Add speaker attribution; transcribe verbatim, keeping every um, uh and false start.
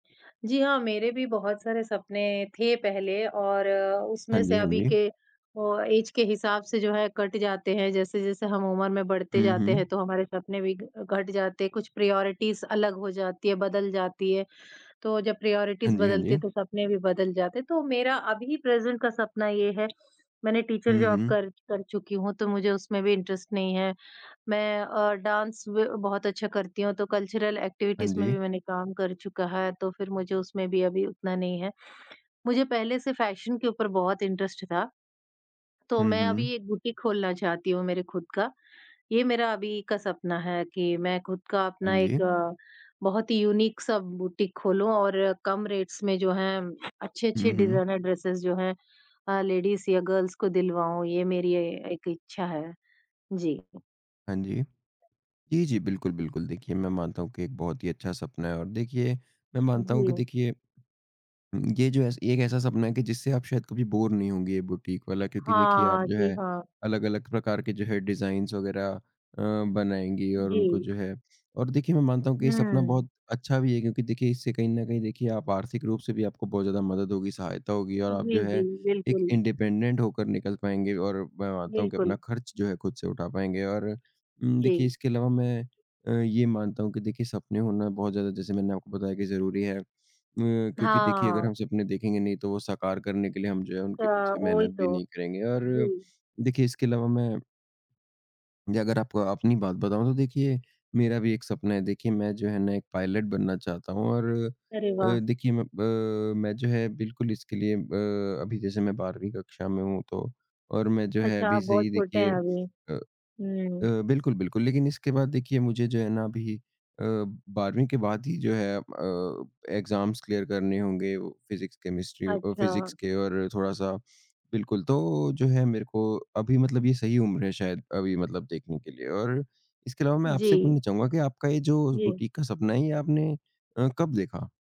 Speaker 1: जी हाँ, मेरे भी बहुत सारे सपने थे पहले और
Speaker 2: हाँ
Speaker 1: उसमें
Speaker 2: जी,
Speaker 1: से
Speaker 2: हाँ
Speaker 1: अभी
Speaker 2: जी।
Speaker 1: के ओ, ऐज के हिसाब से जो है कट जाते हैं, जैसे-जैसे हम उम्र में बढ़ते
Speaker 2: हुँ,
Speaker 1: जाते हैं
Speaker 2: हुँ।
Speaker 1: तो हमारे सपने भी ग घट जाते हैं, कुछ प्रायोरिटीज़ अलग हो जाती है, बदल जाती है। तो जब
Speaker 2: हाँ
Speaker 1: प्रायोरिटीज़
Speaker 2: जी, हाँ
Speaker 1: बदलती है
Speaker 2: जी।
Speaker 1: तो सपने भी बदल जाते हैं, तो मेरा अभी प्रेज़ेंट का सपना ये है मैंने टीचर
Speaker 2: हुँ,
Speaker 1: जॉब
Speaker 2: हुँ।
Speaker 1: कर कर चुकी हूँ तो मुझे उसमें भी इंटरेस्ट नहीं है, मैं अ, डांस ब बहुत अच्छा करती हूँ तो कल्चरल
Speaker 2: हाँ
Speaker 1: एक्टिविटीज़ में भी
Speaker 2: जी।
Speaker 1: मैंने काम कर चुका है तो फिर मुझे उसमें भी अभी उतना नहीं है। मुझे पहले से फैशन के ऊपर बहुत इंटरेस्ट था, तो
Speaker 2: हुँ,
Speaker 1: मैं
Speaker 2: हुँ।
Speaker 1: अभी एक बुटीक खोलना चाहती हूँ मेरे ख़ुद का, ये मेरा अभी का सपना है कि मैं ख़ुद का अपना
Speaker 2: हाँ जी।
Speaker 1: एक बहुत ही यूनिक सा बुटीक खोलूँ और कम रेट्स में जो हैं अच्छे-अच्छे
Speaker 2: हुँ, हुँ।
Speaker 1: डिज़ाइनर ड्रेसेज़ जो हैं अ, लेडीज़ या गर्ल्स को दिलवाऊँ। ये मेरी ए एक इच्छा है। जी।
Speaker 2: हाँ जी। जी, जी बिल्कुल, बिल्कुल। देखिए, मैं मानता हूँ कि एक बहुत ही अच्छा सपना है और देखिए मैं मानता हूँ कि
Speaker 1: जी।
Speaker 2: देखिए, ये जो ऐस एक ऐसा सपना है कि जिससे आप शायद कभी बोर नहीं होंगे ये बुटीक वाला, क्योंकि देखिए आप
Speaker 1: हाँ,
Speaker 2: जो
Speaker 1: जी
Speaker 2: है
Speaker 1: हाँ।
Speaker 2: अलग-अलग प्रकार के जो है, डिज़ाइन्स वग़ैरह अ, बनाएँगे और उनको
Speaker 1: जी।
Speaker 2: जो है और देखिए मैं मानता हूँ कि ये सपना
Speaker 1: हुँ।
Speaker 2: बहुत अच्छा भी है, क्योंकि देखिए इससे कहीं न कहीं देखिए आप आर्थिक रूप से भी आपको बहुत ज़्यादा मदद होगी, सहायता होगी और आप जो
Speaker 1: जी,
Speaker 2: है
Speaker 1: जी,
Speaker 2: एक
Speaker 1: बिल्कुल।
Speaker 2: इंडिपेंडेंट होकर निकल पाएँगे और मैं मानता हूँ कि
Speaker 1: बिल्कुल।
Speaker 2: अपना खर्च जो है ख़ुद से उठा पाएँगे। और उम, देखिए
Speaker 1: जी।
Speaker 2: इसके अलावा मैं अ, ये मानता हूँ कि देखिए सपने होना बहुत ज़्यादा जैसे मैंने आपको बताया कि ज़रूरी है, म क्योंकि देखिए अगर
Speaker 1: हाँ।
Speaker 2: हम सपने देखेंगे नहीं, तो वो साकार करने के लिए हम जो है
Speaker 1: त
Speaker 2: उनके पीछे
Speaker 1: वही
Speaker 2: मेहनत भी
Speaker 1: तो।
Speaker 2: नहीं करेंगे और
Speaker 1: जी।
Speaker 2: देखिए इसके अलावा मैं जगर आप अपनी बात बताऊँ तो देखिए, मेरा भी एक सपना है, देखिए मैं जो है ना एक पायलट बनना चाहता हूँ और
Speaker 1: अरे,
Speaker 2: अ,
Speaker 1: वाह!
Speaker 2: देखिए मैं प अ, मैं जो है बिल्कुल इसके लिए अ, अभी जैसे मैं बारहवीं कक्षा में हूँ तो और मैं जो है
Speaker 1: अच्छा,
Speaker 2: अभी
Speaker 1: आप
Speaker 2: से
Speaker 1: बहुत
Speaker 2: ही
Speaker 1: छोटे
Speaker 2: देखिए
Speaker 1: हैं अभी।
Speaker 2: अ अ,
Speaker 1: हुँ।
Speaker 2: बिल्कुल, बिल्कुल। लेकिन इसके बाद देखिए मुझे जो है ना अभी अ, बारहवीं के बाद ही जो है अ, एग्ज़ाम्स क्लियर करने होंगे, फिज़िक्स, केमिस्ट्री अ,
Speaker 1: अच्छा।
Speaker 2: फिज़िक्स के और थोड़ा-सा बिल्कुल, तो जो है, मेरे को अभी मतलब ये सही उम्र है शायद अभी मतलब देखने के लिए और इसके अलावा मैं आपसे
Speaker 1: जी।
Speaker 2: पूछना चाहूँगा कि आपका ये जो
Speaker 1: जी।
Speaker 2: बुटीक का सपना है ये आपने अ, कब देखा?